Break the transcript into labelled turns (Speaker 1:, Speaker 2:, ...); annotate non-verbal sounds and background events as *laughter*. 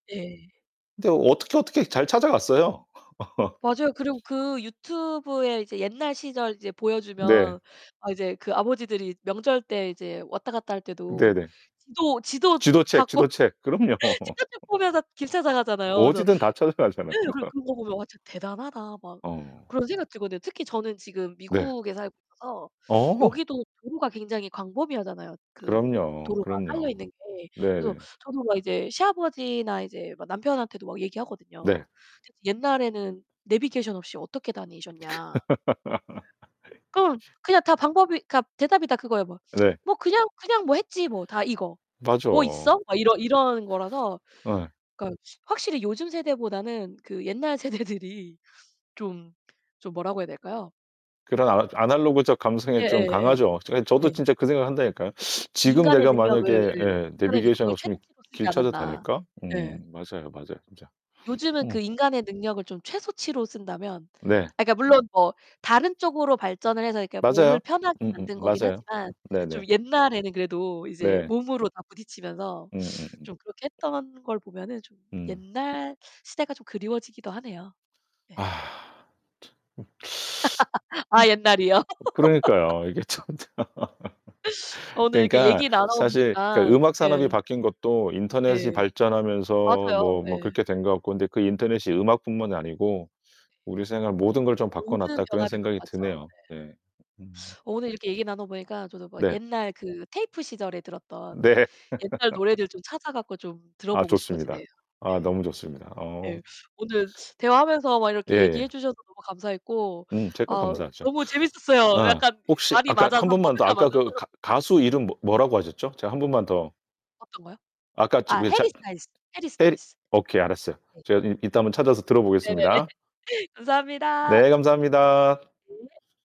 Speaker 1: 네.
Speaker 2: 근데 어떻게 어떻게 잘 찾아갔어요. *laughs*
Speaker 1: 맞아요. 그리고 그 유튜브에 이제 옛날 시절 이제 보여주면
Speaker 2: 네.
Speaker 1: 아 이제 그 아버지들이 명절 때 이제 왔다 갔다 할 때도
Speaker 2: 네네.
Speaker 1: 지도, 지도
Speaker 2: 지도책,
Speaker 1: 갖고
Speaker 2: 지도책. 그럼요.
Speaker 1: *unintelligible* 보면서 길
Speaker 2: *laughs*
Speaker 1: 찾아가잖아요. 그래서
Speaker 2: 어디든 다 찾아가잖아,
Speaker 1: 예. 그래
Speaker 2: 그거.
Speaker 1: 그런 거 보면 '와 진짜 대단하다.' 막
Speaker 2: 어.
Speaker 1: 그런 생각이 들거든요. 특히 저는 지금
Speaker 2: 네.
Speaker 1: 미국에 살고 있어서
Speaker 2: 어.
Speaker 1: 여기도 도로가 굉장히 광범위하잖아요. 그
Speaker 2: 그럼요.
Speaker 1: 도로가
Speaker 2: 그럼요.
Speaker 1: 깔려있는 게.
Speaker 2: 네
Speaker 1: 그래서
Speaker 2: 네.
Speaker 1: 저도 막 이제 시아버지나 이제 막 남편한테도 막
Speaker 2: 네.
Speaker 1: 얘기하거든요. *unintelligible* 옛날에는 네비게이션 없이 어떻게 다니셨냐. 응
Speaker 2: *laughs*
Speaker 1: 그냥 다 방법이 그러니까 대답이 다 그거에요. "뭐. *tsk*
Speaker 2: 네.
Speaker 1: 뭐 그냥 그냥 뭐 했지." 뭐 다 이거. "뭐
Speaker 2: 맞아.
Speaker 1: 있어?" 막 이런 이런 거라서.
Speaker 2: 어.
Speaker 1: 그러니까 확실히 요즘 세대보다는 그 옛날 세대들이 좀 좀 뭐라고 해야 될까요?
Speaker 2: 그런 아 아날로그적 감성이 좀
Speaker 1: 예예
Speaker 2: 강하죠. 저희
Speaker 1: 예
Speaker 2: 저도
Speaker 1: 예.
Speaker 2: 진짜 그 생각을 한다니까요. 지금
Speaker 1: 인간의
Speaker 2: 내가
Speaker 1: 능력을
Speaker 2: 만약에
Speaker 1: 예,
Speaker 2: 예,
Speaker 1: 인간의
Speaker 2: 네비게이션
Speaker 1: 능력을
Speaker 2: 없으면
Speaker 1: 최대치로 쓰지
Speaker 2: 길 찾아
Speaker 1: 않았나.
Speaker 2: 다닐까?
Speaker 1: 예.
Speaker 2: 음. 맞아요, 맞아요. 진짜.
Speaker 1: 요즘은
Speaker 2: 어.
Speaker 1: 그 인간의 능력을 좀 최소치로 쓴다면
Speaker 2: 네.
Speaker 1: 아 그러니까 물론 뭐 다른 쪽으로 발전을 해서 이렇게
Speaker 2: 맞아요.
Speaker 1: 몸을 편하게
Speaker 2: 음음
Speaker 1: 만든 거기
Speaker 2: 맞아요.
Speaker 1: ㄴ하지만
Speaker 2: 네네.
Speaker 1: 좀 옛날에는 그래도 이제
Speaker 2: 네.
Speaker 1: 몸으로 다 부딪히면서
Speaker 2: 음 음.
Speaker 1: 좀 그렇게 했던 걸 보면은 좀
Speaker 2: 응.
Speaker 1: 옛날 시대가 좀 그리워지기도 하네요. 네.
Speaker 2: 아 참 *sucks teeth*
Speaker 1: *laughs* 아, 옛날이요.
Speaker 2: *unintelligible*
Speaker 1: *laughs*
Speaker 2: 그러니까요. 이게 참 참
Speaker 1: 어
Speaker 2: *laughs*
Speaker 1: 오늘 이렇게
Speaker 2: 그러니까
Speaker 1: 얘기 나눠
Speaker 2: 사실 그
Speaker 1: 보니깐
Speaker 2: 음악
Speaker 1: 예.
Speaker 2: 산업이 바뀐 것도 인터넷이
Speaker 1: 네.
Speaker 2: 발전하면서
Speaker 1: 맞아요.
Speaker 2: 뭐
Speaker 1: 예.
Speaker 2: 뭐
Speaker 1: 네.
Speaker 2: 그렇게 된 것 같고 근데 그 인터넷이 음악뿐만이 아니고 우리
Speaker 1: 예.
Speaker 2: 생활 모든 걸 좀
Speaker 1: 모든
Speaker 2: 바꿔놨다 그런
Speaker 1: 변화를 갖고
Speaker 2: 생각이
Speaker 1: 왔죠.
Speaker 2: 드네요.
Speaker 1: 네.
Speaker 2: 네. 음.
Speaker 1: 오늘 이렇게 얘기 나눠 보니까 저도 뭐
Speaker 2: 네.
Speaker 1: 옛날 그 테이프 시절에 들었던
Speaker 2: 네.
Speaker 1: 옛날
Speaker 2: *laughs*
Speaker 1: 노래들 좀 찾아 갖고 좀
Speaker 2: 아
Speaker 1: 들어보고 싶어지네요.
Speaker 2: 좋습니다. 아
Speaker 1: 예.
Speaker 2: 너무 좋습니다.
Speaker 1: 예,
Speaker 2: 어.
Speaker 1: 오늘 대화하면서 막
Speaker 2: 예
Speaker 1: 이렇게
Speaker 2: 예.
Speaker 1: 얘기해 주셔서 너무 감사했고
Speaker 2: 음 제가
Speaker 1: 어
Speaker 2: 감사하죠.
Speaker 1: 너무 재밌었어요.
Speaker 2: 아
Speaker 1: 약간
Speaker 2: 혹시
Speaker 1: 밥이
Speaker 2: 아까 1
Speaker 1: 맞아서,
Speaker 2: 번만 더.
Speaker 1: 코드가
Speaker 2: 아까
Speaker 1: 맞아서.
Speaker 2: 그 가
Speaker 1: *laughs*
Speaker 2: 가수 이름 뭐 뭐라고 하셨죠? 제가 1 분만 더
Speaker 1: 어떤 거요?
Speaker 2: 아까 저
Speaker 1: 아
Speaker 2: 위에 잘
Speaker 1: 해리스 다이스, 해리스
Speaker 2: 해리
Speaker 1: 다이스.
Speaker 2: 오케이 알았어요.
Speaker 1: 네.
Speaker 2: 제가 이 이따 한번 찾아서
Speaker 1: 네네네.
Speaker 2: 들어보겠습니다.
Speaker 1: 감사합니다.
Speaker 2: 네, 감사합니다.
Speaker 1: 네.